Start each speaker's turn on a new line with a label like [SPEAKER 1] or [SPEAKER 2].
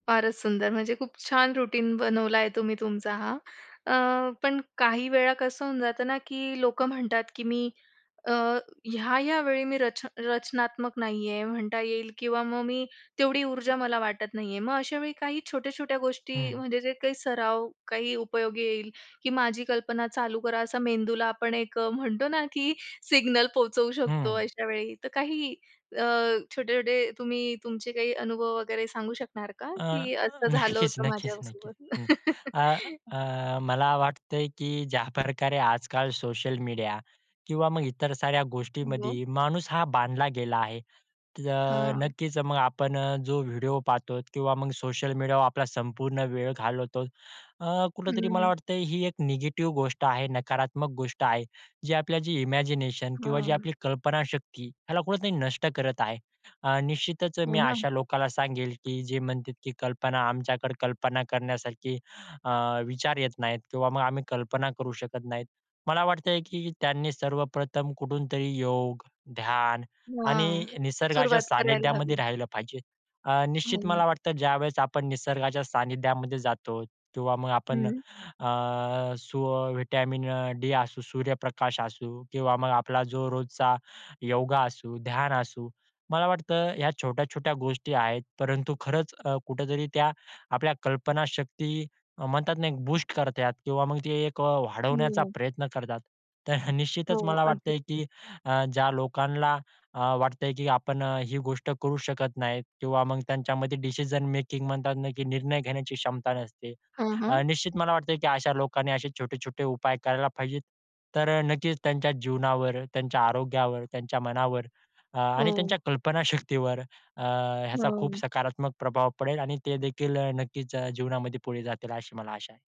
[SPEAKER 1] फारच सुंदर! म्हणजे खूप छान रूटीन बनवला आहे तुम्ही तुमचा हा. अ, पण काही वेळा कसं होऊन जातं ना की लोकं म्हणतात, की मी अ, ह्या-ह्या वेळी मी रच रचनात्मक नाही आहे म्हणता येईल किंवा मग मी तेवढी ऊर्जा मला वाटत नाही आहे. मग अशा वेळी काही छोट्या-छोट्या गोष्टी
[SPEAKER 2] हं.
[SPEAKER 1] म्हणजे जे काही सराव, काही उपयोगी येईल की "माझी कल्पना चालू करा," असा मेंदूला आपण एक म्हणतो ना, की सिग्नल पोहचवू शकतो,
[SPEAKER 2] हं.
[SPEAKER 1] अशा वेळी तर काही अ, छोट-छोटे तुम्ही तुमचे काही अनुभव वगैरे सांगू शकणार का?
[SPEAKER 2] अ,
[SPEAKER 1] की असं झालं होतं
[SPEAKER 2] नक्कीच-नक्कीच-नक्कीच
[SPEAKER 1] माझ्यासोबत?
[SPEAKER 2] हं. अ, अ, मला वाटतंय की ज्याप्रकारे आजकाल सोशल मीडिया किंवा मग इतर साऱ्या
[SPEAKER 1] हो.
[SPEAKER 2] गोष्टींमध्ये माणूस हा बांधला गेला आहे तर
[SPEAKER 1] हां.
[SPEAKER 2] नक्कीच, मग आपण अ, जो व्हिडिओ पाहतो किंवा मग सोशल मीडियावर आपला संपूर्ण वेळ घालवतो, अ, कुठेतरी मला
[SPEAKER 1] हं.
[SPEAKER 2] वाटत ही एक निगेटिव्ह गोष्ट आहे, नकारात्मक गोष्ट आहे. जे आपल्या जे इमॅजिनेशन किंवा जी
[SPEAKER 1] हां.
[SPEAKER 2] आपली कल्पनाशक्ती ह्याला कुठेतरी नष्ट करत आहे. अ, निश्चितच
[SPEAKER 1] हो
[SPEAKER 2] मी
[SPEAKER 1] ना.
[SPEAKER 2] अशा लोकांना सांगेन, की जे म्हणतात की कल्पना, आमच्याकडे कल्पना करण्यासारखी, अ, विचार येत नाहीत किंवा मग आम्ही कल्पना करू शकत नाहीत. मला वाटतंय की त्यांनी सर्वप्रथम कुठूनतरी योग, ध्यान
[SPEAKER 1] हां,
[SPEAKER 2] आणि निसर्गाच्या
[SPEAKER 1] सुरुवात करायला
[SPEAKER 2] सानिध्यामध्ये
[SPEAKER 1] हवी.
[SPEAKER 2] राहिलं पाहिजे. अ, निश्चित
[SPEAKER 1] हं.
[SPEAKER 2] मला वाटतं ज्यावेळेस आपण निसर्गाच्या सानिध्यामध्ये जातो किंवा मग आपण,
[SPEAKER 1] हं.
[SPEAKER 2] अ, सु व्हिटॅमिन अ, डी असू, सूर्यप्रकाश असू किंवा मग आपला जो रोजचा योगा असू, ध्यान असू, मला वाटतं ह्या छोट्या-छोट्या गोष्टी आहेत, परंतु खरंच अ, कुठेतरी त्या आपल्या कल्पनाशक्ती म्हणतात ना एक बूस्ट करतात किंवा मग ते एक अ, वाढवण्याचा
[SPEAKER 1] हो.
[SPEAKER 2] प्रयत्न करतात. तर
[SPEAKER 1] हो,
[SPEAKER 2] निश्चितच मला
[SPEAKER 1] अगदी.
[SPEAKER 2] वाटतंय, की अ, ज्या लोकांना अ, वाटतंय की आपण अ, ही गोष्ट करू शकत नाही किंवा मग त्यांच्यामध्ये डिसिजन मेकिंग म्हणतात ना की निर्णय घेण्याची क्षमता नसते,
[SPEAKER 1] हं,
[SPEAKER 2] अ,
[SPEAKER 1] हं.
[SPEAKER 2] निश्चित मला वाटतं की अशा लोकांनी असे छोटे-छोटे उपाय करायला पाहिजे. तर अ, नक्कीच त्यांच्या जीवनावर, त्यांच्या आरोग्यावर, त्यांच्या मनावर अ, आणि
[SPEAKER 1] हो.
[SPEAKER 2] त्यांच्या कल्पनाशक्तीवर अ, ह्याचा खूप
[SPEAKER 1] हं.
[SPEAKER 2] सकारात्मक प्रभाव पडेल आणि ते देखील अ, नक्कीच अ, जीवनामध्ये पुढे जातील अशी मला आशा आहे.